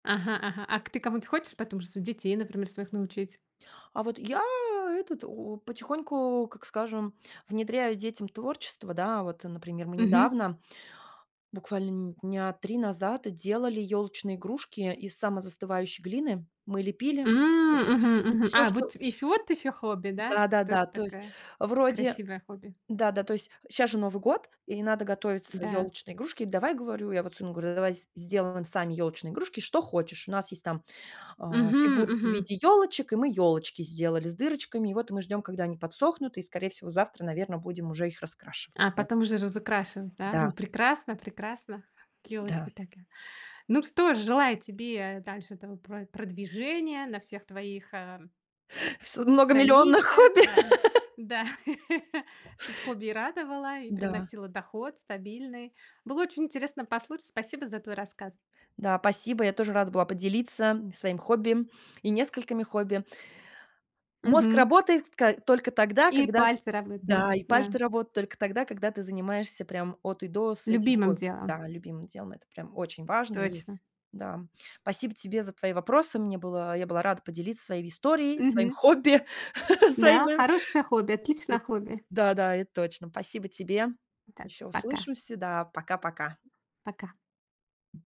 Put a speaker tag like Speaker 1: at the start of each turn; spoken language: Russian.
Speaker 1: Ага ага. А к ты кому-то хочешь потом же су детей, например, своих научить?
Speaker 2: А вот я, этот, потихоньку, как скажем, внедряю детям творчество, да. Вот, э, например, мы
Speaker 1: Мгм.
Speaker 2: недавно, буквально нь дня 3 назад, делали ёлочные игрушки из самозастывающей глины. Мы лепили, м, всё
Speaker 1: М, мгм, мгм.
Speaker 2: всё,
Speaker 1: А,
Speaker 2: что
Speaker 1: вот ещ вот ещё хобби, да? Тоже
Speaker 2: Да-да-да, то есть
Speaker 1: такая
Speaker 2: вроде
Speaker 1: красивое хобби.
Speaker 2: Да-да, то есть щас же Новый год, и надо готовиться
Speaker 1: Да.
Speaker 2: ёлочные игрушки. "Давай,- говорю, я вот сыну говорю,- давай сделаем сами ёлочные игрушки, что хочешь". У нас есть там, э,
Speaker 1: Мгм,
Speaker 2: фигурки в
Speaker 1: мгм.
Speaker 2: виде ёлочек, и мы ёлочки сделали с дырочками. И вот мы ждём, когда они подсохнут, и скорее всего завтра, наверно, будем уже их
Speaker 1: А
Speaker 2: раскрашивать. Вот.
Speaker 1: потом уже разукрашевать, да. Ну,
Speaker 2: Да.
Speaker 1: прекрасно, прекрасно. Ёлочка
Speaker 2: Да.
Speaker 1: такая. Ну что же, желаю тебе дальше этого про продвижения на всех твоих, э
Speaker 2: Вс много миллионных
Speaker 1: страничках,
Speaker 2: хобби.
Speaker 1: да. Да. Чтоб хобби и радовало, и
Speaker 2: Да.
Speaker 1: приносило доход стабильный. Было очень интересно послушать. Спасибо за твой рассказ.
Speaker 2: Да, спасибо, я тоже рада была поделиться своим хобби и несколькими хобби. Мозг
Speaker 1: Мгм.
Speaker 2: работает ко только тогда,
Speaker 1: И
Speaker 2: когда
Speaker 1: пальцы работают, да,
Speaker 2: Да, и
Speaker 1: да.
Speaker 2: пальцы работают только тогда, когда ты занимаешься прям от и до с этим
Speaker 1: Любимым
Speaker 2: хобби.
Speaker 1: делом.
Speaker 2: Да, любимым делом. Это прям очень важно. И
Speaker 1: Точно.
Speaker 2: да. Спасибо тебе за твои вопросы. Мне было Я была рада поделиться своей историей, своим
Speaker 1: Мгм.
Speaker 2: хобби, [unintelligible]
Speaker 1: Да,
Speaker 2: д
Speaker 1: хорошее хобби, отличное хобби.
Speaker 2: да да, это точно. Спасибо тебе.
Speaker 1: Так,
Speaker 2: Ещё
Speaker 1: пока.
Speaker 2: услышимся. Да, пока пока.
Speaker 1: Пока.